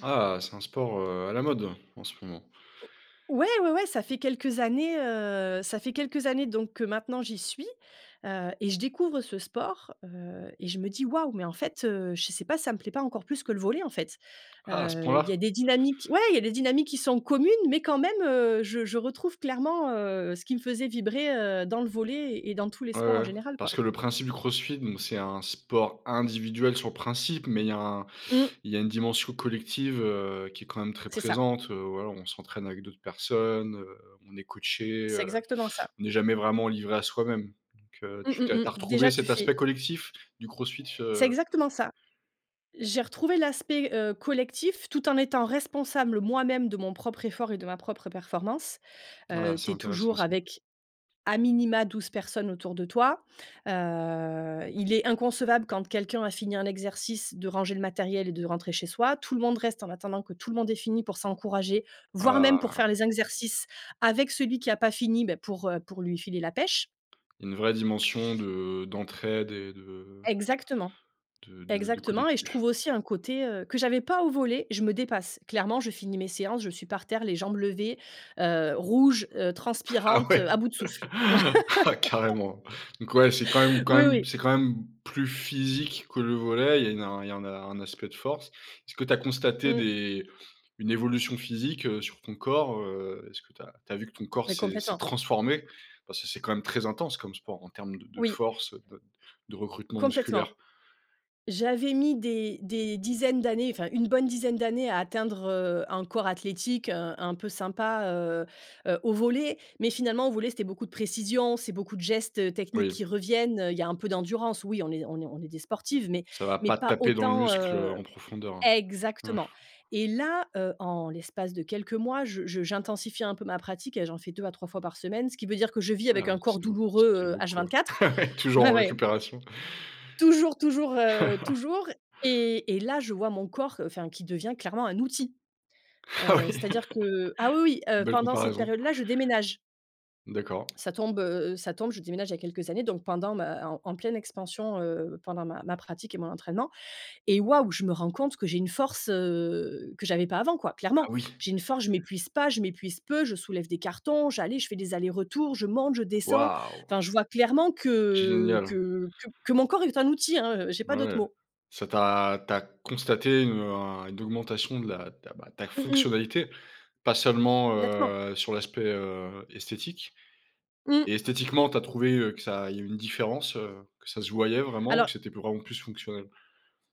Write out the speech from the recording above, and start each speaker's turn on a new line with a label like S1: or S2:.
S1: Ah! C'est un sport, heu, à la mode, en ce moment.
S2: O ouais, ouais, ouais, ça fait quelques années, heu, ça fait quelques années donc que maintenant j'y suis, heu et je découvre ce sport, heu et je me dis: «Waouh! Mais en fait, heu, je sais pas, si ça me plaît pas encore plus que le volley, en fait»,
S1: Ah, à ce
S2: heu, il
S1: point-là?
S2: y a des dynamiques ouais, il y a des dynamiques qui sont communes mais quand même, heu, je je retrouve clairement, heu, ce qui me faisait vibrer, heu, dans le volley et dans tous les
S1: Ouais,
S2: sports en
S1: ouais,
S2: général, quoi.
S1: parce que le principe du CrossFit donc c'est un sport individuel sur le principe mais il y a un
S2: Mmh.
S1: il y a une dimension collective, heu, qui est quand même très
S2: C'est ça.
S1: présente, heu, voilà, on s'entraîne avec d'autres personnes, heu, on est coachés,
S2: C'est
S1: heu,
S2: exactement ça.
S1: on est jamais vraiment livré à soi-même, donc heu,
S2: Mmh
S1: tu
S2: mh,
S1: t'es
S2: mmh.
S1: tu as retrouvé
S2: Déjà, tu
S1: cet
S2: fais
S1: aspect collectif du CrossFit,
S2: C'est
S1: heu?
S2: exactement ça. J'ai retrouvé l'aspect, heu, collectif tout en étant responsable moi-même de mon propre effort et de ma propre performance,
S1: Ah!
S2: heu, tu
S1: C'est
S2: es
S1: intéressant
S2: toujours
S1: ça.
S2: avec, a minima 12 personnes autour de toi. Heu, il est inconcevable quand quelqu'un a fini un exercice de ranger le matériel et de rentrer chez soi. Tout le monde reste en attendant que tout le monde ait fini pour s'encourager, voire même pour
S1: Ah!
S2: faire les exercices avec celui qui a pas fini, ben, pour, heu, pour lui filer la pêche.
S1: Une vraie dimension de d'entraide et de
S2: Exactement,
S1: de de de
S2: exactement et je
S1: collectif.
S2: trouve aussi un côté, heu, que j'avais pas au volley. Je me dépasse, clairement, je finis mes séances, je suis par terre, les jambes levées, heu, rouges, heu,
S1: Ah
S2: transpirantes,
S1: ouais?
S2: heu, à bout de souffle.
S1: Ah carrément, donc ouais, c'est quand même quand
S2: Oui,
S1: même
S2: oui.
S1: c'est quand même plus physique que le volley. Il y a une il y a un il y a un aspect de force. Est-ce que tu as constaté
S2: Mmh.
S1: des une évolution physique, heu, sur ton corps, heu, est-ce que tu as tu as vu que ton corps
S2: Mais
S1: s'est s'est
S2: complètement!
S1: transformé? Parce que c'est quand même très intense comme sport en termes de
S2: Oui.
S1: force de de recrutement
S2: Complètement!
S1: musculaire.
S2: J'avais mis des des dizaines d'années, enfin, une bonne dizaine d'années à atteindre, heu, un corps athlétique, heu, un peu sympa, heu heu, au volley mais finalement, au volley, c'était beaucoup de précision, c'est beaucoup de gestes, heu, techniques qui
S1: Oui.
S2: reviennent, heu, il y a un peu d'endurance. Oui, on est on est on est des sportives mais
S1: Ça va
S2: mais
S1: pas
S2: pas
S1: taper dans le
S2: autant,
S1: muscle, heu,
S2: heu
S1: en profondeur, hein.
S2: exactement et là, heu, en l'espace de quelques mois, je je j'intensifie un peu ma pratique et j'en fais 2 à 3 fois par semaine, ce qui veut dire que je vis avec
S1: Ah
S2: un corps
S1: c'est beau ça
S2: douloureux,
S1: fait
S2: heu,
S1: beaucoup, heu,
S2: H24
S1: ah ouais, toujours
S2: ouais,
S1: en
S2: ouais.
S1: récupération?
S2: Toujours, toujours, heu, toujours et et là, je vois mon corps, enfin, qui devient clairement un outil.
S1: Ah
S2: Heu,
S1: oui!
S2: c'est-à-dire que ah oui, oui, oui, heu,
S1: Belle
S2: pendant cette
S1: comparaison!
S2: période-là, je déménage.
S1: D'accord.
S2: Ça tombe, heu, ça tombe je déménage, il y a quelques années donc pendant ma en en pleine expansion, heu, pendant ma ma pratique et mon entraînement et waouh! Je me rends compte que j'ai une force, heu, que j'avais pas avant quoi,
S1: Ah
S2: clairement.
S1: oui!
S2: J'ai une force, je m'épuise pas, je m'épuise peu, je soulève des cartons, j'allais je fais des allers-retours, je monte, je descends,
S1: Waouh!
S2: enfin, je vois clairement que
S1: Génial!
S2: que que que mon corps est un outil, hein, heu, j'ai pas
S1: Ah
S2: d'autres
S1: ouais,
S2: mots.
S1: ça tu as tu as constaté une, heu, un une augmentation de la de la bah, ta
S2: Mmh mh.
S1: fonctionnalité, pas seulement,
S2: Nettement.
S1: heu, sur l'aspect, heu, esthétique et
S2: Mmh.
S1: esthétiquement, tu as trouvé, heu, que ça il y a une différence, heu, que ça se voyait vraiment ou que
S2: Alors
S1: c'était vraiment plus fonctionnel?